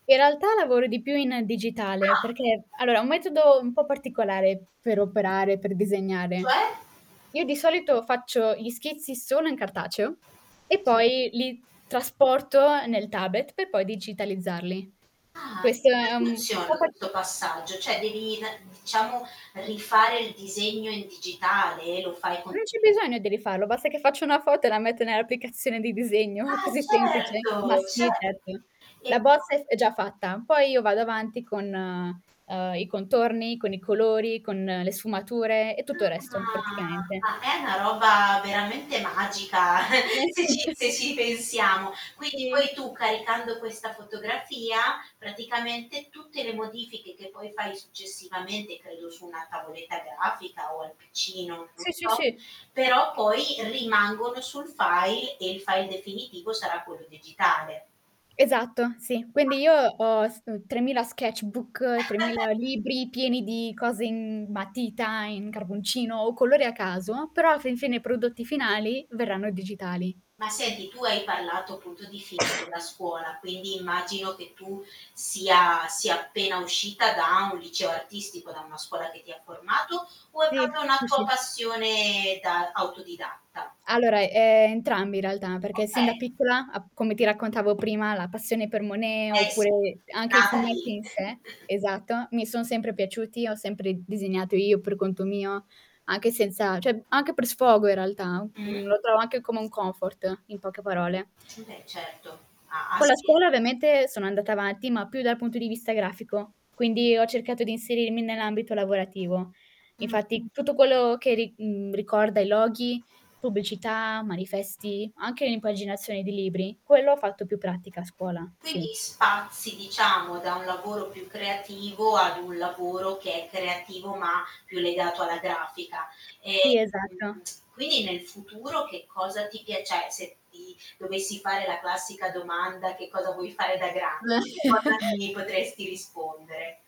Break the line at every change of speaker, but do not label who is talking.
In realtà lavoro di più in digitale
Ah.
perché allora, è un metodo un po' particolare per operare, per disegnare.
Cioè?
Io di solito faccio gli schizzi solo in cartaceo e poi li trasporto nel tablet per poi digitalizzarli.
Ah. E
Questo è
come
un po'
funziona
parti
questo passaggio, cioè devi na diciamo rifare il disegno in digitale? Lo fai con
Non c'è
[unintelligible]
bisogno di rifarlo, basta che faccio una foto e la metto nell'applicazione di disegno,
Ah
così semplice.
certo,
Ma
ce
sì certo.
E
La
po
bozza è f è già fatta, poi io vado avanti con, uhm, i contorni, con i colori, con le sfumature e tutto il resto
Ah.
praticamente.
Ma è una roba veramente magica se ci se ci pensiamo. Quindi
Sì.
poi tu caricando questa fotografia praticamente tutte le modifiche che poi fai successivamente, credo su una tavoletta grafica o al PC, non non
Sì, sì,
so,
sì.
però poi rimangono sul file e il file definitivo sarà quello digitale.
Esatto, sì. Quindi
Ah.
io ho s 3000 sketchbook, 3000 libri pieni di cose in matita, in carboncino o colori a caso, però alla fin fine i prodotti finali verranno digitali.
Ma senti tu hai parlato appunto di film della scuola, quindi immagino che tu sia sia appena uscita da un liceo artistico, da una scuola che ti ha formato o è
Sì,
proprio una
sì,
tua
sì.
passione da autodidatta?
Allora, ehm, entrambi in realtà, perché sin da
Okay.
piccola ap come ti raccontavo prima, la passione per Monet
Eh sì,
oppure
è
anche i
nata
fumetti
lì.
in sé, esatto, mi son sempre piaciuti, ho sempre disegnato io per conto mio, anche senza cioè anche per sfogo in realtà, mhmm,
Mh.
lo trovo anche come un comfort, in poche parole.
Mh. Beh certo. Ha ha
Con la
sen
scuola ovviamente sono andata avanti, ma più dal punto di vista grafico, quindi ho cercato di inserirmi nell'ambito lavorativo.
Mh.
Infatti tutto quello che ri mhmm, ricorda i loghi, pubblicità, manifesti, anche l'impaginazione di libri, quello ho fatto più pratica a scuola,
Quindi
sì.
spazi diciamo da un lavoro più creativo ad un lavoro che è creativo ma più legato alla grafica.
Sì,
Ehm,
esatto.
quindi nel futuro che cosa ti piace cioè se ti dovessi fare la classica domanda: "Che cosa vuoi fare da grande?" Di cosa mi potresti rispondere?